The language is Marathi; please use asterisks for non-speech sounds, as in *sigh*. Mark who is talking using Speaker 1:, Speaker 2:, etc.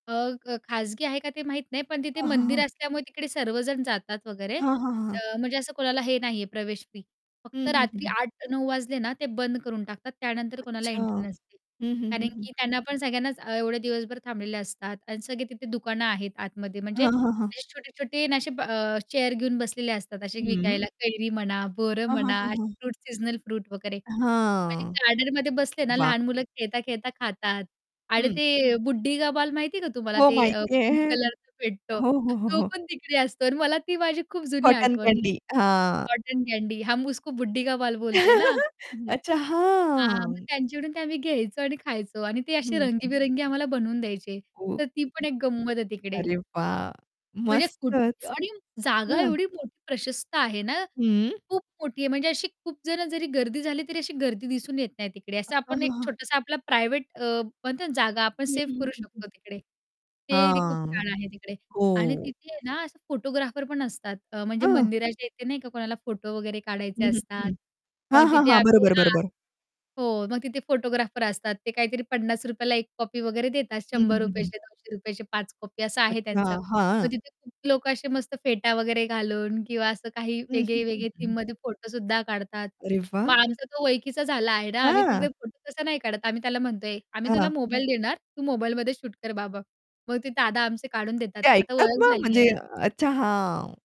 Speaker 1: अ, ख खाजगी आहे का ते माहीत नाही पण तिथे
Speaker 2: हां, हां,
Speaker 1: मंदिर
Speaker 2: हां.
Speaker 1: असल्यामुळे तिकडे सर्वजण जातात वगैरे
Speaker 2: हां, हां, हां.
Speaker 1: म्हणजे अ, असं कोणाला हे नाही आहे प्रवेश फी.
Speaker 2: हं,
Speaker 1: फक्त
Speaker 2: हं, हं,
Speaker 1: रात्री
Speaker 2: हं.
Speaker 1: 8:00-9:00 वाजले ना ते बंद करून टाकतात त्यानंतर कोणाला
Speaker 2: अच्छा!
Speaker 1: एंट्री
Speaker 2: हं,
Speaker 1: नसते.
Speaker 2: हं, हं,
Speaker 1: कारण
Speaker 2: हं.
Speaker 1: की त्यांना पण सगळ्यांनाच अ, एवढे दिवसभर थांबलेले असतात अन् सगळे तिथे दुकानं आहेत आतमध्ये म्हणजे
Speaker 2: हां, हां, हां.
Speaker 1: असे छोटे-छोटे अन् असे ब अ, चेअर घेऊन बसलेले असतात असे
Speaker 2: हं.
Speaker 1: विकायला. कैरी म्हणा, बोरं
Speaker 2: हां, हां,
Speaker 1: म्हणा,
Speaker 2: हां,
Speaker 1: असे
Speaker 2: हां.
Speaker 1: फ्रूट सीजनल फ्रूट वगैरे. म्हणजे
Speaker 2: हां.
Speaker 1: गार्डनमध्ये बसले ना
Speaker 2: वाह!
Speaker 1: लहान मुलं खेळता-खेळता खातात आणि
Speaker 2: हं.
Speaker 1: ते बुढ्ढी का बाल माहितीये का तुम्हाला?
Speaker 2: हो,
Speaker 1: ते अ,
Speaker 2: माहिती
Speaker 1: पिंक
Speaker 2: आहे.
Speaker 1: कलरच भेटतो,
Speaker 2: हो, हो,
Speaker 1: तो
Speaker 2: हो.
Speaker 1: पण तिकडे असतो अन् मला ती माझी खूप जुनी
Speaker 2: कॉटन
Speaker 1: आठवण
Speaker 2: कँडी,
Speaker 1: म्हणते
Speaker 2: हां.
Speaker 1: कॉटन कँडी, हम उसको बुढ्ढी का बाल बोलते ना
Speaker 2: *chuckles*
Speaker 1: असं.
Speaker 2: अच्छा,
Speaker 1: हां, मग
Speaker 2: हां.
Speaker 1: त्यांच्याकडून ते आम्ही घ्यायचो आणि खायचो आणि ते असे
Speaker 2: हं, हं.
Speaker 1: रंगेबिरंगी आम्हाला बनवून द्यायचे
Speaker 2: हो.
Speaker 1: तर ती पण एक गंमत आहे तिकडे.
Speaker 2: अरे वाह!
Speaker 1: म्हणजे कुठे
Speaker 2: मस्तच.
Speaker 1: आणि जागा
Speaker 2: हं.
Speaker 1: एवढी मोठी प्रशस्त आहे ना,
Speaker 2: हं.
Speaker 1: खूप मोठी आहे म्हणजे अशी खूप जणं जरी गर्दी झाली, तरी अशी गर्दी दिसून येत नाही तिकडे असं
Speaker 2: हां, हां,
Speaker 1: आपण एक
Speaker 2: हां.
Speaker 1: छोटासा आपला प्रायव्हेट अ, म्हणते ना जागा आपण
Speaker 2: हं,
Speaker 1: सेव्ह
Speaker 2: हं,
Speaker 1: करू
Speaker 2: हं, हं.
Speaker 1: शकतो तिकडे. ते ती खूप
Speaker 2: हां,
Speaker 1: छान आहे तिकडे आणि
Speaker 2: हो.
Speaker 1: तिथे आहे ना, असं फोटोग्राफर पण असतात अ, म्हणजे
Speaker 2: हं.
Speaker 1: मंदिराच्या येथे नाही का कोणाला फोटो वगैरे काढायचे
Speaker 2: हं, हं,
Speaker 1: असतात
Speaker 2: हं.
Speaker 1: मग
Speaker 2: हां, हां,
Speaker 1: तिथे
Speaker 2: हां.
Speaker 1: आम्ही
Speaker 2: बरोबर,
Speaker 1: हां,
Speaker 2: बरोबर.
Speaker 1: हो, मग तिथे फोटोग्राफर असतात, ते काहीतरी ₹50 ला 1 कॉपी वगैरे देतात,
Speaker 2: हं,
Speaker 1: शंभर
Speaker 2: हं, हं,
Speaker 1: रुपया
Speaker 2: हं.
Speaker 1: चे ₹200 चे 5 कॉपी असं आहे
Speaker 2: अच्छा,
Speaker 1: त्यांचं.
Speaker 2: हां.
Speaker 1: मग तिथे खूप लोकं असे मस्त फेटा वगैरे घालून किंवा असं काही
Speaker 2: हं, हं, हं,
Speaker 1: वेगळे-वेगळे
Speaker 2: हं.
Speaker 1: थीममध्ये फोटो सुद्धा काढतात.
Speaker 2: अरे
Speaker 1: मग
Speaker 2: वाह!
Speaker 1: आमचा तो ओळखीचा झाला आहे ना, आम्ही तिथे
Speaker 2: हां.
Speaker 1: फोटो तसा नाही काढत, आम्ही त्याला म्हणतोय, "आम्ही तुला
Speaker 2: हां.
Speaker 1: मोबाईल देणार, तू मोबाईलमध्ये शूट कर बाबा." मग ते दादा आमचे काढून देतात.
Speaker 2: ते
Speaker 1: आता
Speaker 2: ऐकतात
Speaker 1: ओळख
Speaker 2: मग?
Speaker 1: झाली आहे
Speaker 2: म्हणजे
Speaker 1: ना.
Speaker 2: अच्छा, हां.